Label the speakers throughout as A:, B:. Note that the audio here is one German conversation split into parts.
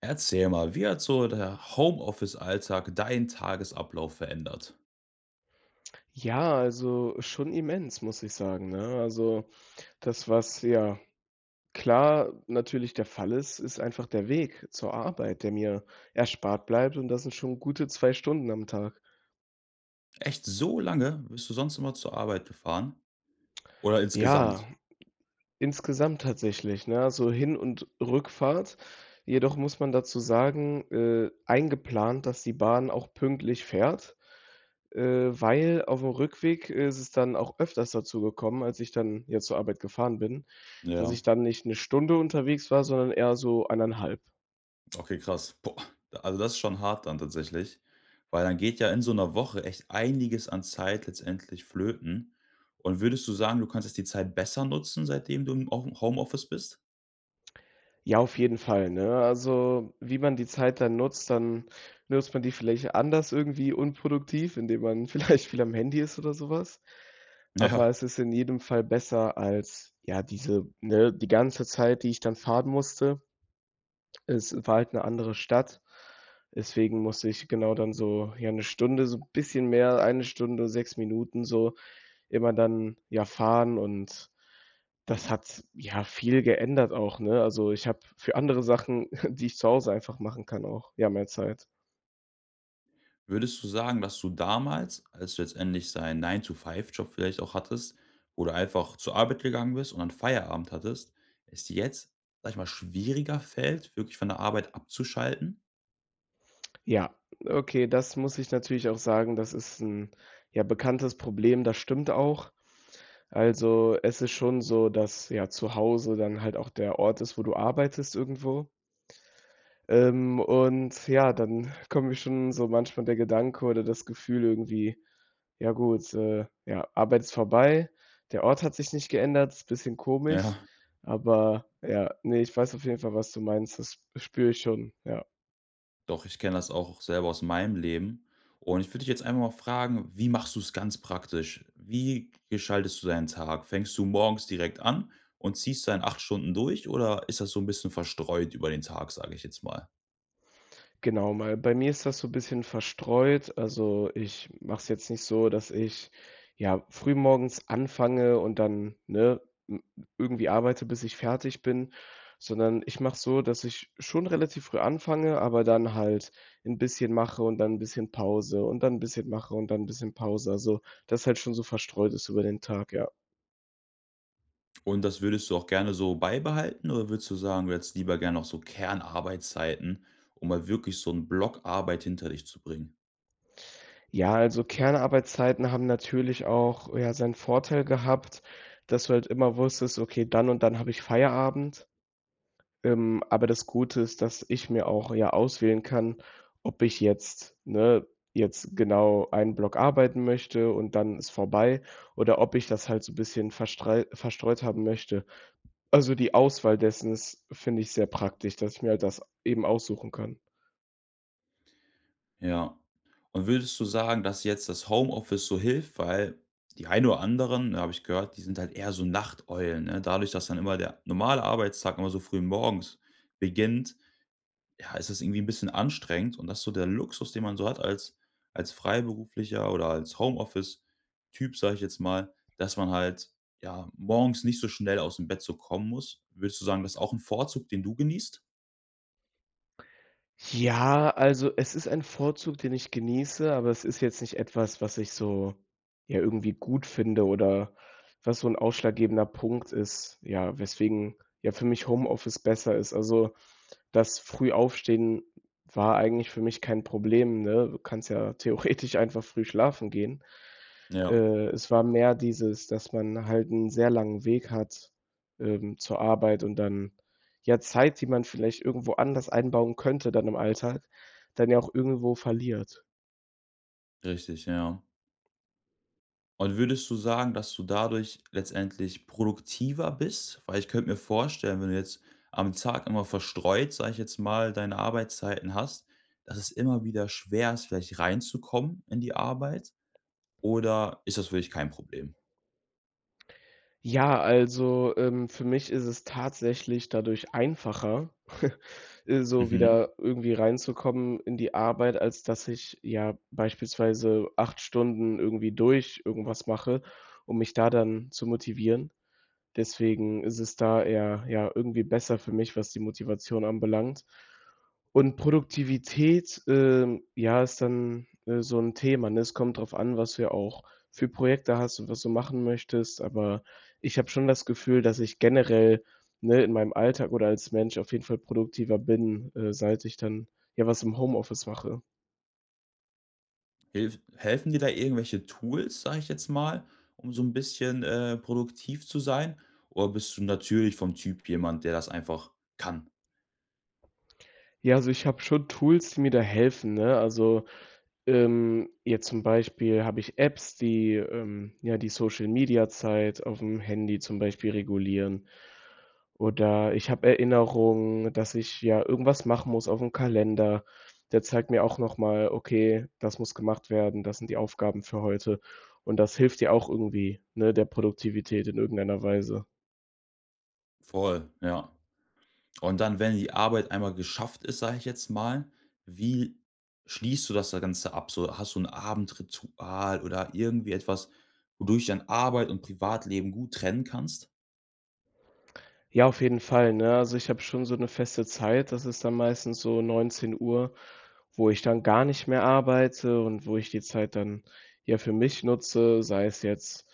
A: Erzähl mal: Wie hat so der Homeoffice-Alltag deinen Tagesablauf verändert?
B: Ja, also, schon immens, muss ich sagen, ne? Also, das, was ja klar natürlich der Fall ist, ist einfach der Weg zur Arbeit, der mir erspart bleibt, und das sind schon gute 2 Stunden am Tag.
A: Echt? So lange bist du sonst immer zur Arbeit gefahren oder
B: Ja,
A: insgesamt?
B: insgesamt tatsächlich, ne, also Hin und Rückfahrt. Jedoch muss man dazu sagen, äh, eingeplant, dass die Bahn auch pünktlich fährt, äh, weil auf'm Rückweg ist es dann auch öfters dazu gekommen, als ich dann jetzt zur Arbeit gefahren bin, dass
A: Ja.
B: ich dann nicht 'ne Stunde unterwegs war, sondern eher so 1,5.
A: Okay, krass. Boah. Also, das ist schon hart dann tatsächlich. Weil dann geht ja in so 'ner Woche echt einiges an Zeit letztendlich flöten. Und würdest du sagen, du konntest die Zeit besser nutzen, seitdem du im Home Homeoffice bist?
B: Ja, auf jeden Fall, ne? Also, wie man die Zeit dann nutzt dann nutzt man die vielleicht anders irgendwie unproduktiv, indem man vielleicht viel am Handy ist oder so was, aber
A: Ja.
B: es ist in jedem Fall besser als, ja, diese ne, die ganze Zeit, die ich dann fahren musste. Es war halt 'ne andere Stadt. Deswegen musste ich genau dann so, ja, 'ne Stunde, so 'n bisschen mehr, eine Stunde, 6 Minuten so immer dann, ja, fahren und das hat ja viel geändert, auch, ne? Also, ich habe für andere Sachen, die ich zu Hause einfach machen kann, auch, ja, mehr Zeit.
A: Würdest du sagen, dass du damals, als du letztendlich so einen 9 to 5 Job vielleicht auch hattest, wo du einfach zur Arbeit gegangen bist und dann Feierabend hattest es dir jetzt, sage ich mal, schwieriger fällt, wirklich von der Arbeit abzuschalten?
B: Ja, okay, das muss ich natürlich auch sagen. Das ist 'n, ja, bekanntes Problem. Das stimmt auch. Also, es ist schon so, dass, ja, zu Hause dann halt auch der Ort ist, wo du arbeitest irgendwo. Ähm, und ja, dann kommt mir schon so manchmal der Gedanke oder das Gefühl irgendwie: „Ja gut, äh, ja, Arbeit ist vorbei.“ Der Ort hat sich nicht geändert. Es ist bisschen komisch.
A: Ja.
B: Aber, ja, ne, ich weiß auf jeden Fall, was du meinst. Das spüre ich schon, ja.
A: Doch, ich kenne das auch, auch selber aus meinem Leben. Und ich würde dich jetzt einfach mal fragen: Wie machst du's ganz praktisch? Wie gestaltest du deinen Tag? Fängst du morgens direkt an und ziehst da in 8 Stunden durch, oder ist das so 'n bisschen verstreut über den Tag, sage ich jetzt mal?
B: Genau, mal bei mir ist das so 'n bisschen verstreut. Also, ich mache es jetzt nicht so, dass ich, ja, früh morgens anfange und dann ne, m m irgendwie arbeite, bis ich fertig bin, sondern ich mache es so, dass ich schon relativ früh anfange, aber dann halt 'n bisschen mache und dann 'n bisschen Pause und dann 'n bisschen mache und dann 'n bisschen Pause. Also, das halt schon so verstreut ist über den Tag, ja.
A: Und das würdest du auch gerne so beibehalten, oder würdest du sagen, du hättest lieber gerne noch so Kernarbeitszeiten, um mal wirklich so 'n Block Arbeit hinter dich zu bringen?
B: Ja, also, Kernarbeitszeiten haben natürlich auch, ja, seinen Vorteil gehabt, dass du halt immer wusstest: „Okay, dann und dann habe ich Feierabend.” Ähm, aber das Gute ist, dass ich mir auch ja auswählen kann, ob ich jetzt ne, jetzt genau einen Block arbeiten möchte und dann ist vorbei, oder ob ich das halt so 'n bisschen verstrei verstreut haben möchte. Also, die Auswahl dessen ist, finde ich, sehr praktisch, dass ich mir halt das eben aussuchen kann.
A: Ja, und würdest du sagen, dass jetzt das Homeoffice so hilft? Weil die ein oder anderen, habe ich gehört, die sind halt eher so Nachteulen, ne? Dadurch, dass dann immer der normale Arbeitstag immer so früh morgens beginnt, ja, ist es irgendwie 'n bisschen anstrengend und dass so der Luxus, den man so hat als als Freiberufler oder als Homeoffice-Typ, sage ich jetzt mal, dass man halt, ja, morgens nicht so schnell aus'm Bett so kommen muss. Würdest du sagen, das ist auch 'n Vorzug, den du genießt?
B: Ja, also, es ist ein Vorzug, den ich genieße, aber es ist jetzt nicht etwas, was ich so, ja, irgendwie gut finde oder was so 'n ausschlaggebender Punkt ist, ja, weswegen, ja, für mich Homeoffice besser ist. Also, das Frühaufstehen war eigentlich für mich kein Problem, ne? Du kannst ja theoretisch einfach früh schlafen gehen.
A: Ja.
B: Äh, es war mehr dieses, dass man halt 'n sehr langen Weg hat, ähm, zur Arbeit und dann ja Zeit, die man vielleicht irgendwo anders einbauen könnte, dann im Alltag, dann ja auch irgendwo verliert.
A: Richtig, ja. Und würdest du sagen, dass du dadurch letztendlich produktiver bist? Weil ich könnte mir vorstellen, wenn du jetzt am Tag immer verstreut, sage ich jetzt mal, deine Arbeitszeiten hast, dass es immer wieder schwer ist, vielleicht reinzukommen in die Arbeit. Oder ist das für dich kein Problem?
B: Ja, also, ähm, für mich ist es tatsächlich dadurch einfacher, äh, so
A: Mhm.
B: wieder irgendwie reinzukommen in die Arbeit, als dass ich, ja, beispielsweise 8 Stunden irgendwie durch irgendwas mache, um mich da dann zu motivieren. Deswegen ist es da eher, ja, irgendwie besser für mich, was die Motivation anbelangt. Und Produktivität, ähm, ja, ist dann, äh, so 'n Thema, ne? Es kommt drauf an, was du auch für Projekte hast und was du machen möchtest. Aber ich habe schon das Gefühl, dass ich generell, ne, in meinem Alltag oder als Mensch auf jeden Fall produktiver bin, äh, seit ich dann, ja, was im Homeoffice mache.
A: Hilf helfen dir da irgendwelche Tools, sage ich jetzt mal, um so 'n bisschen, äh, produktiv zu sein? Oder bist du natürlich vom Typ jemand, der das einfach kann?
B: Ja, also ich habe schon Tools, die mir da helfen, ne, also, ähm, jetzt zum Beispiel habe ich Apps, die, ähm, ja, die Social-Media-Zeit auf'm Handy zum Beispiel regulieren, oder ich habe Erinnerungen, dass ich, ja, irgendwas machen muss auf'm Kalender. Der zeigt mir auch nochmal: „Okay, das muss gemacht werden, das sind die Aufgaben für heute”, und das hilft ja auch irgendwie, ne, der Produktivität in irgendeiner Weise.
A: Voll, ja. Und dann, wenn die Arbeit einmal geschafft ist, sage ich jetzt mal, wie schließt du das da Ganze ab, so? Hast du 'n Abendritual oder irgendwie etwas, wodurch du dann Arbeit und Privatleben gut trennen kannst?
B: Ja, auf jeden Fall, ne, also, ich habe schon so 'ne feste Zeit. Das ist dann meistens so 19:00, wo ich dann gar nicht mehr arbeite und wo ich die Zeit dann, ja, für mich nutze, sei es jetzt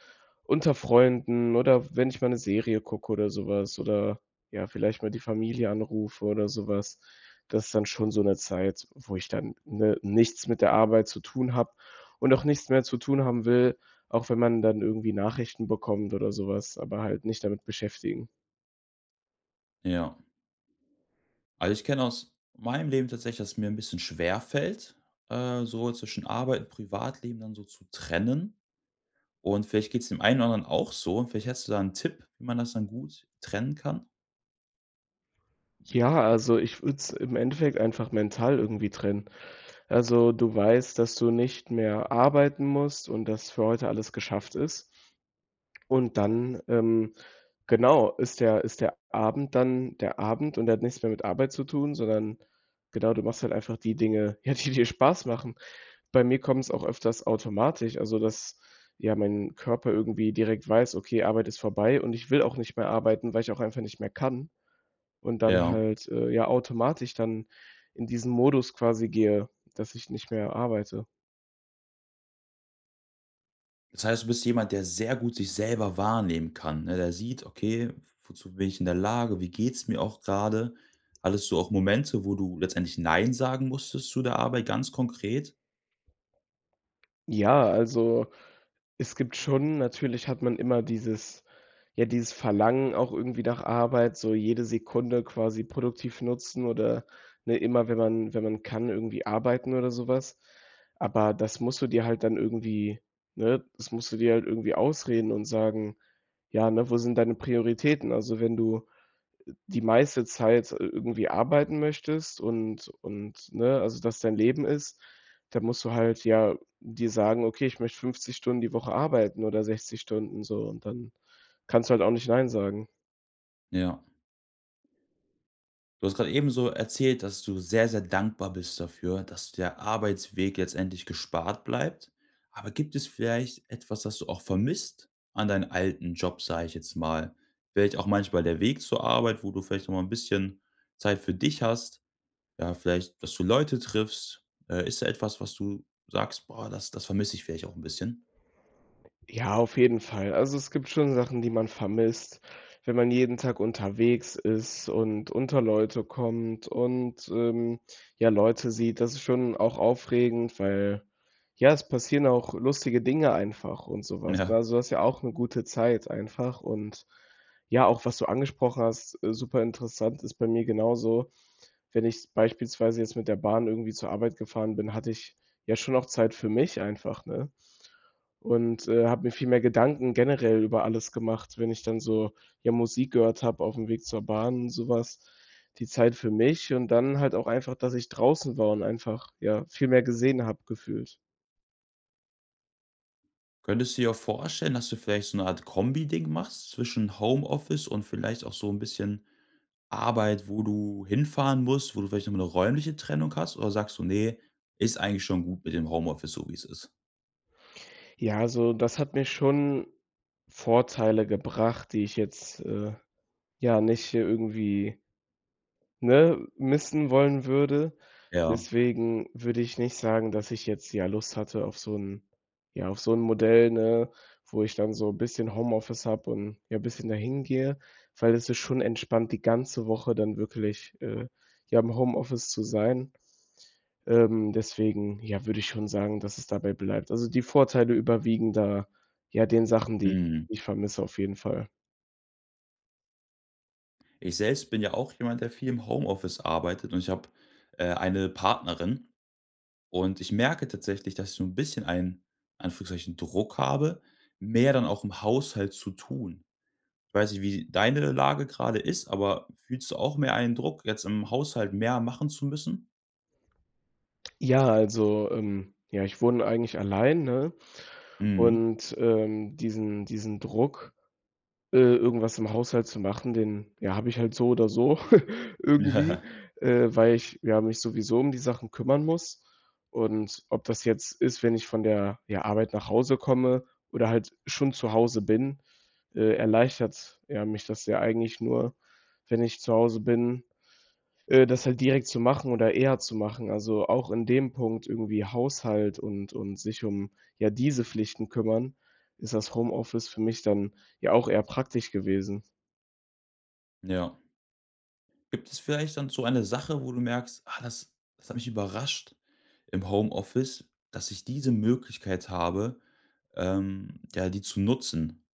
B: unter Freunden oder wenn ich mal 'ne Serie gucke oder sowas, oder, ja, vielleicht mal die Familie anrufe oder sowas. Das ist dann schon so 'ne Zeit, wo ich dann, ne, nichts mit der Arbeit zu tun habe und auch nichts mehr zu tun haben will, auch wenn man dann irgendwie Nachrichten bekommt oder sowas aber halt nicht damit beschäftigen.
A: Ja. Also, ich kenne aus meinem Leben tatsächlich, dass es mir 'n bisschen schwerfällt, äh, so zwischen Arbeit und Privatleben dann so zu trennen. Und vielleicht geht's dem einen oder anderen auch so. Vielleicht hättest du da 'n Tipp, wie man das dann gut trennen kann?
B: Ja, also, ich würde es im Endeffekt einfach mental irgendwie trennen. Also, du weißt, dass du nicht mehr arbeiten musst und dass für heute alles geschafft ist. Und dann, ähm, genau, ist der ist der Abend dann der Abend und der hat nichts mehr mit Arbeit zu tun, sondern genau, du machst halt einfach die Dinge, ja, die dir Spaß machen. Bei mir kommt's auch öfters automatisch, also, dass, ja, mein Körper irgendwie direkt weiß: „Okay, Arbeit ist vorbei und ich will auch nicht mehr arbeiten, weil ich auch einfach nicht mehr kann“, und dann
A: Ja.
B: halt, äh, ja, automatisch dann in diesen Modus quasi gehe, dass ich nicht mehr arbeite.
A: Das heißt, du bist jemand, der sehr gut sich selber wahrnehmen kann, ne? Der sieht: „Okay, w w wozu bin ich in der Lage? Wie geht's mir auch gerade?“ Hattest du auch Momente, wo du letztendlich, Nein sagen musstest zu der Arbeit ganz konkret?
B: Ja, also, es gibt schon natürlich hat man immer dieses ja, dieses Verlangen auch irgendwie nach Arbeit, so jede Sekunde quasi produktiv nutzen oder ne? Immer, wenn man wenn man kann, irgendwie arbeiten oder so was. Aber das musst du dir halt dann irgendwie ne? Das musst du dir halt irgendwie ausreden und sagen: „Ja, ne? Wo sind deine Prioritäten?“ Also, wenn du die meiste Zeit, äh, irgendwie arbeiten möchtest und und ne, also, das dein Leben ist, da musst du halt ja dir sagen: „Okay, ich möchte 50 Stunden die Woche arbeiten oder 60 Stunden so“, und dann kannst du halt auch nicht Nein sagen.
A: Ja. Du hast grade ebenso erzählt, dass du sehr, sehr dankbar bist dafür, dass der Arbeitsweg jetzt endlich gespart bleibt. Aber gibt es vielleicht etwas, das du auch vermisst an deinen alten Job, sage ich jetzt mal? Vielleicht auch manchmal der Weg zur Arbeit, wo du vielleicht auch mal 'n bisschen Zeit für dich hast, ja, vielleicht, dass du Leute triffst? Äh, ist da etwas, was du sagst: „Boah, das das vermisse ich vielleicht auch 'n bisschen?“
B: Ja, auf jeden Fall. Also, es gibt schon Sachen, die man vermisst, wenn man jeden Tag unterwegs ist und unter Leute kommt und, ähm, ja, Leute sieht. Das ist schon auch aufregend, weil, ja, es passieren auch lustige Dinge einfach und sowas, ne,
A: Ja.
B: also, das ist ja auch 'ne gute Zeit einfach. Und, ja, auch was du angesprochen hast äh, super interessant, ist bei mir genauso. Wenn ich beispielsweise jetzt mit der Bahn irgendwie zur Arbeit gefahren bin, hatte ich ja schon auch Zeit für mich einfach, ne? Und, äh, habe mir viel mehr Gedanken generell über alles gemacht, wenn ich dann so, ja, Musik gehört habe auf'm Weg zur Bahn, so was, die Zeit für mich und dann halt auch einfach, dass ich draußen war und einfach, ja, viel mehr gesehen habe, gefühlt.
A: Könntest du dir auch vorstellen, dass du vielleicht so 'ne Art Kombi-Ding machst zwischen Homeoffice und vielleicht auch so 'n bisschen Arbeit, wo du hinfahren musst, wo du vielleicht noch mal 'ne räumliche Trennung hast, oder sagst du: „Ne, ist eigentlich schon gut mit dem Homeoffice, so wie es ist.“?
B: Ja. Also, das hat mir schon Vorteile gebracht, die ich jetzt, äh, ja, nicht irgendwie ne, missen wollen würde.
A: Ja.
B: Deswegen würde ich nicht sagen, dass ich jetzt, ja, Lust hatte auf so 'n ja, auf so 'n Modell, ne, wo ich dann so bisschen Homeoffice habe und, ja, bisschen dahin gehe, weil es ist schon entspannt, die ganze Woche dann wirklich, äh, ja, im Homeoffice zu sein. Ähm, deswegen, ja, würde ich schon sagen, dass es dabei bleibt. Also, die Vorteile überwiegen da, ja, den Sachen, die
A: Mhm.
B: ich vermisse. Auf jeden Fall.
A: Ich selbst bin ja auch jemand, der viel im Homeoffice arbeitet und ich habe, äh, eine Partnerin. Und ich merke tatsächlich, dass ich so 'n bisschen einen, in Anführungszeichen, Druck habe, mehr dann auch im Haushalt zu tun. Ich weiß nicht, wie deine Lage gerade ist, aber fühlst du auch mehr einen Druck, jetzt im Haushalt mehr machen zu müssen?
B: Ja, also, ähm, ja, ich wohne eigentlich allein, ne?
A: Mhm.
B: Und, ähm, diesen diesen Druck, äh, irgendwas im Haushalt zu machen, den, ja, habe ich halt so oder so irgendwie, äh, weil ich mich ja sowieso um die Sachen kümmern muss. Und ob das jetzt ist, wenn ich von der, ja, Arbeit nach Hause komme oder halt schon zu Hause bin äh, erleichtert ja mich das ja eigentlich nur, wenn ich zu Hause bin, äh, das halt direkt zu machen oder eher zu machen. Also, auch in dem Punkt, irgendwie Haushalt und und sich um, ja, diese Pflichten kümmern, ist das Homeoffice für mich dann ja auch eher praktisch gewesen.
A: Ja. Gibt es vielleicht dann so eine Sache, wo du merkst: „Ah, das das hat mich überrascht im Homeoffice, dass ich diese Möglichkeit habe, ähm, ja, die zu nutzen.“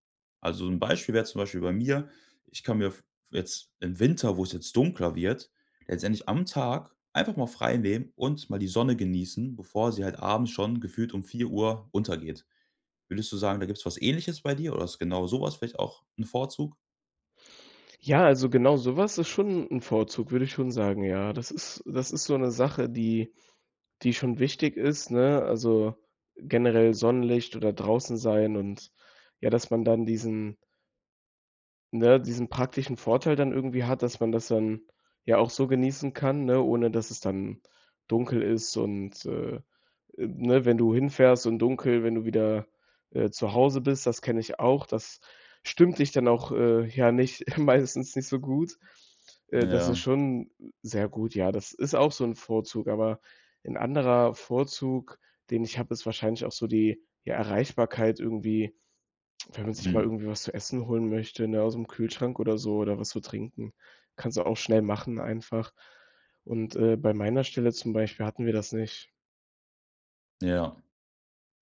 A: Also, 'n Beispiel wäre zum Beispiel bei mir. Ich kann mir v jetzt im Winter, wo es jetzt dunkler wird, letztendlich am Tag einfach mal freinehmen und mal die Sonne genießen, bevor sie halt abends schon gefühlt um 16:00 Uhr untergeht. Würdest du sagen, da gibt's was Ähnliches bei dir, oder ist genau so was vielleicht auch 'n Vorzug?
B: Ja, also, genau sowas ist schon 'n Vorzug, würde ich schon sagen. Ja, das ist das ist so 'ne Sache, die die schon wichtig ist, ne, also, generell Sonnenlicht oder draußen sein und, ja, dass man dann diesen ne, diesen praktischen Vorteil dann irgendwie hat, dass man das dann, ja, auch so genießen kann, ne, ohne dass es dann dunkel ist und, äh, äh, ne, wenn du hinfährst und dunkel, wenn du wieder, äh, zu Hause bist. Das kenne ich auch. Das stimmt dich dann auch, äh, ja, nicht meistens nicht so gut. Äh, das ist
A: Ja.
B: schon sehr gut, ja, das ist auch so 'n Vorzug. Aber 'n anderer Vorzug, den ich habe, ist wahrscheinlich auch so die die Erreichbarkeit irgendwie, wenn man sich mal
A: Mhm.
B: irgendwie was zu essen holen möchte, ne, aus'm Kühlschrank oder so oder was zu trinken. Kannst du auch schnell machen, einfach, und, äh, bei meiner Stelle zum Beispiel hatten wir das nicht.
A: Ja.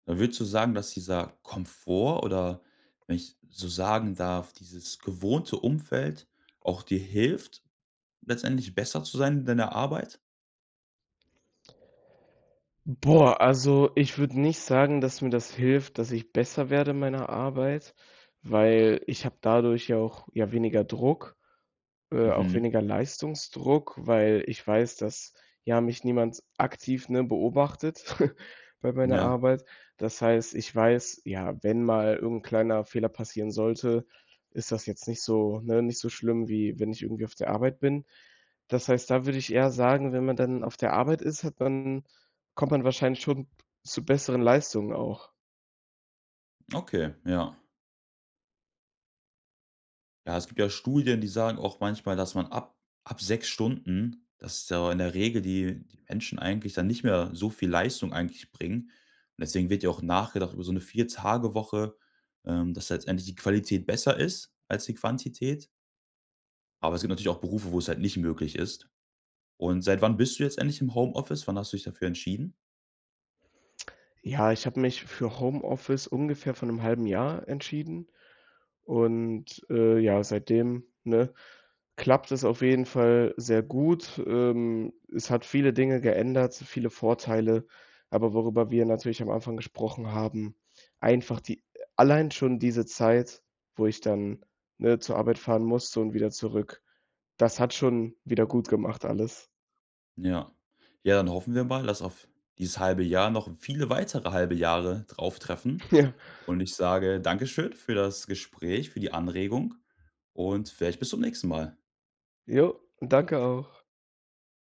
A: Da würdest du sagen, dass dieser Komfort, oder wenn ich so sagen darf, dieses gewohnte Umfeld auch dir hilft, letztendlich besser zu sein in deiner Arbeit?
B: Boah. Also, ich würde nicht sagen, dass mir das hilft, dass ich besser werde in meiner Arbeit, weil ich habe dadurch ja auch, ja, weniger Druck, äh, auch
A: Mhm.
B: weniger Leistungsdruck, weil ich weiß, dass ja mich niemand aktiv, ne, beobachtet bei meiner
A: Ja.
B: Arbeit. Das heißt, ich weiß, ja, wenn mal irgend 'n kleiner Fehler passieren sollte, ist das jetzt nicht so ne, nicht so schlimm, wie wenn ich irgendwie auf der Arbeit bin. Das heißt, da würde ich eher sagen, wenn man dann auf der Arbeit ist, hat man kommt man wahrscheinlich schon zu besseren Leistungen auch.
A: Okay, ja. Ja, es gibt ja Studien, die sagen auch manchmal, dass man ab ab 6 Stunden dass da in der Regel die die Menschen eigentlich dann nicht mehr so viel Leistung eigentlich bringen. Deswegen wird ja auch nachgedacht über so 'ne 4- Tage-Woche, ähm, dass da letztendlich die Qualität besser ist als die Quantität. Aber es gibt natürlich auch Berufe, wo es halt nicht möglich ist. Und seit wann bist du jetzt eigentlich im Homeoffice? Wann hast du dich dafür entschieden?
B: Ja, ich habe mich für Homeoffice ungefähr vor 'nem halben Jahr entschieden. Und, äh, ja, seitdem, ne, klappt es auf jeden Fall sehr gut. Ähm, es hat viele Dinge geändert, viele Vorteile. Aber worüber wir natürlich am Anfang gesprochen haben, einfach die allein schon diese Zeit, wo ich dann, ne, zur Arbeit fahren musste und wieder zurück. Das hat schon wiedergutgemacht alles.
A: Ja. Ja, dann hoffen wir mal, dass auf dieses halbe Jahr noch viele weitere halbe Jahre drauftreffen.
B: Ja.
A: Und ich sage Dankeschön für das Gespräch, für die Anregung und vielleicht bis zum nächsten Mal.
B: Jo, danke auch.